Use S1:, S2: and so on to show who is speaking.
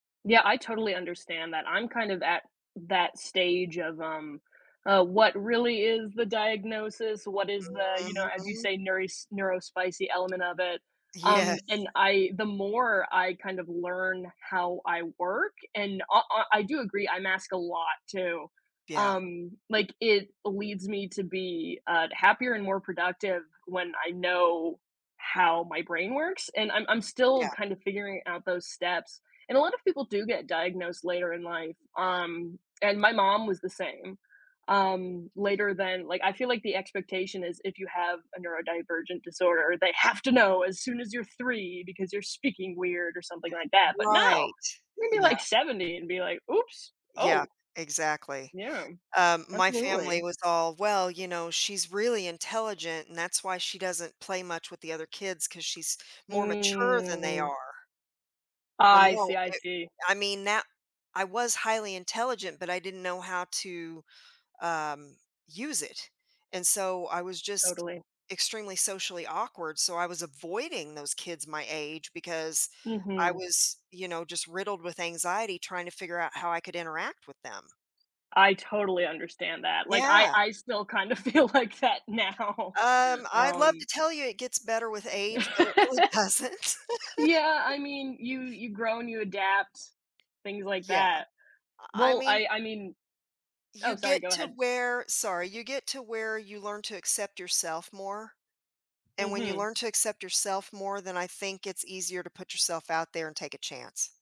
S1: Yeah, I totally understand that, I'm kind of at that that stage of, um, uh, what really is the diagnosis, what is the you know, as you
S2: Mhm.
S1: say, neuros neurospicy element of it. Um, and
S2: Yes.
S1: I the more I kind of learn how I work and I I I do agree, I mask a lot too.
S2: Yeah.
S1: Um, like, it leads me to be, uh, happier and more productive when I know how my brain works and I'm I'm still
S2: Yeah.
S1: kind of figuring out those steps. And a lot of people do get diagnosed later in life. Um, and my mom was the same, um, later than like, I feel like the expectation is if you have a neurodivergent disorder, they have to know as soon as you're 3 because you're speaking weird or something like that, but no,
S2: Right,
S1: maybe
S2: yeah.
S1: like 70 and be like, "Oops,
S2: Yeah,
S1: oh."
S2: exactly.
S1: Yeah.
S2: Um, my family
S1: Absolutely.
S2: was all, "Well, you know, she's really intelligent and that's why she doesn't play much with the other kids 'cause she's more mature than they
S1: Mm.
S2: are." Well,
S1: I see,
S2: no,
S1: I
S2: it
S1: see.
S2: I mean that I was highly intelligent, but I didn't know how to, um, use it and so I was just
S1: Totally.
S2: extremely socially awkward, so I was avoiding those kids my age because I
S1: Mhm.
S2: was, you know, just riddled with anxiety trying to figure out how I could interact with them.
S1: I totally understand that, like, I
S2: Yeah.
S1: I still kinda feel like that now.
S2: Um, I'd love
S1: Um
S2: to tell you it gets better with age, but it really doesn't.
S1: Yeah, I mean, you you grow and you adapt, things like
S2: Yeah,
S1: that.
S2: I I
S1: Well,
S2: mean
S1: I I mean Oh,
S2: you
S1: sorry,
S2: get
S1: go
S2: to
S1: ahead.
S2: where sorry, you get to where you learn to accept yourself more and when you
S1: Mhm.
S2: learn to accept yourself more, then I think it's easier to put yourself out there and take a chance.